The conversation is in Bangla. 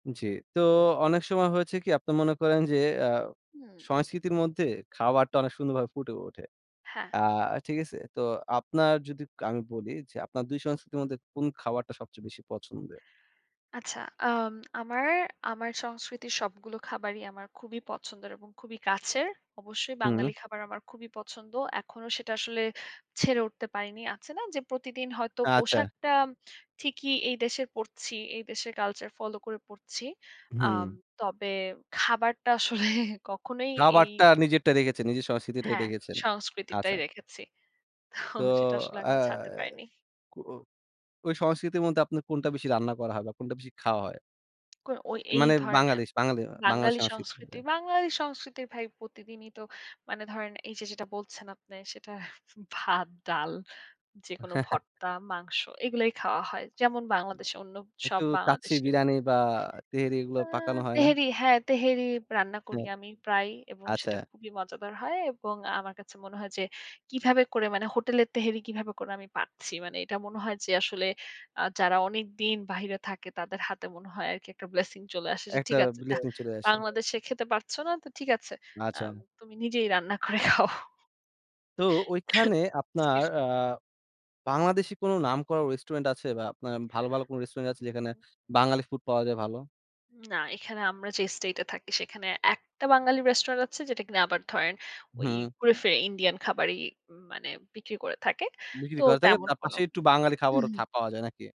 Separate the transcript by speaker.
Speaker 1: জি। তো, অনেক সময় হয়েছে কি আপনি মনে করেন যে, আ
Speaker 2: হুম।
Speaker 1: সংস্কৃতির মধ্যে খাবারটা অনেক সুন্দরভাবে ফুটে ওঠে?
Speaker 2: হ্যাঁ।
Speaker 1: আ ঠিক আছে? তো আপনার যদি ক আমি বলি যে, আপনার ২ সংস্কৃতির মধ্যে কোন খাবারটা সবচেয়ে বেশি পছন্দের?
Speaker 2: আচ্ছা, আম আমার, আমার সংস্কৃতির সবগুলো খাবারই আমার খুবই পছন্দের এবং খুবই কাছের। অবশ্যই
Speaker 1: হুম।
Speaker 2: বাঙালি খাবার আমার খুবই পছন্দ। এখনো সেটা আসলে ছেড়ে উঠতে পারিনি। আছে না যে, প্রতিদিন হয়তো
Speaker 1: আচ্ছা।
Speaker 2: পোশাকটা ঠিকই এই দেশে পড়ছি, এই দেশের কালচার ফলো করে পড়ছি। আম
Speaker 1: হুম।
Speaker 2: তবে খাবারটা আসলে কখনোই এই
Speaker 1: খাবারটা নিজেরটা রেখেছেন নিজের সংস্কৃতিটাই
Speaker 2: হ্যাঁ,
Speaker 1: রেখেছেন।
Speaker 2: সংস্কৃতিটাই
Speaker 1: আচ্ছা।
Speaker 2: রেখেছি। তো
Speaker 1: তো,
Speaker 2: সেটা আসলে
Speaker 1: আ
Speaker 2: এখনও ছাড়তে পারিনি।
Speaker 1: কো অ ওই সংস্কৃতির মধ্যে আপনার কোনটা বেশি রান্না করা হয় বা কোনটা বেশি খাওয়া হয়?
Speaker 2: কই ও এই
Speaker 1: মানে,
Speaker 2: ধরনের
Speaker 1: বাঙালিস বাঙালি বাঙালি
Speaker 2: বাঙালি সংস্কৃতি,
Speaker 1: সংস্কৃতি।
Speaker 2: বাঙালি সংস্কৃতির ভাই প্রতিদিনই তো মানে ধরেন, এই যে যেটা বলছেন আপনে "সেটা ভাত, ডাল, যেকোনো
Speaker 1: হ্যাঁ, হ্যাঁ।
Speaker 2: ভর্তা, মাংস এগুলাই খাওয়া হয়"। যেমন বাংলাদেশে অন্য
Speaker 1: একটু
Speaker 2: সব
Speaker 1: কাচ্চি
Speaker 2: বাংলাদেশে
Speaker 1: বিরিয়ানি বা তেহেরি এগুলো
Speaker 2: আ
Speaker 1: পাকানো হয় না?
Speaker 2: তেহেরি হ্যাঁ, তেহেরি রান্না করি
Speaker 1: হ্যাঁ,
Speaker 2: আমি প্রায়। এবং
Speaker 1: আচ্ছা।
Speaker 2: সেটা খুবই মজাদার হয়। এবং আমার কাছে মনে হয় যে, কিভাবে করে মানে হোটেলের তেহেরি কিভাবে করে আমি পাচ্ছি। মানে এটা মনে হয় যে আসলে আ যারা অনেকদিন বাহিরে থাকে, তাদের হাতে মনে হয় আরকি একটা blessing চলে আসে। যে
Speaker 1: একটা
Speaker 2: ঠিক আছে যা
Speaker 1: blessing চলে আসে।
Speaker 2: বাংলাদেশে খেতে পারছ না, তো ঠিক আছে, আম
Speaker 1: আচ্ছা।
Speaker 2: তুমি নিজেই রান্না করে খাও।
Speaker 1: তো, ওইখানে আপনার আ বাংলাদেশী কোন নাম করা রেস্টুরেন্ট আছে? বা আপনার ভালো, ভালো রেস্টুরেন্ট আছে
Speaker 2: উ হু,
Speaker 1: যেখানে
Speaker 2: হু।
Speaker 1: বাঙালি ফুড পাওয়া যায় ভালো?
Speaker 2: না, এখানে আমরা যে স্টেট এ থাকি সেখানে একটা বাঙালি রেস্টুরেন্ট আছে, যে কিনা আবার ধরেন ওই
Speaker 1: হু।
Speaker 2: ঘুরেফিরে ইন্ডিয়ান খাবারই উ মানে বিক্রি করে থাকে। তো
Speaker 1: বিক্রি করা থাকে
Speaker 2: তেমন
Speaker 1: তার
Speaker 2: কোনো
Speaker 1: পাশে একটু বাঙালি
Speaker 2: উ
Speaker 1: খাবারও
Speaker 2: হু।
Speaker 1: থা পাওয়া যায় নাকি?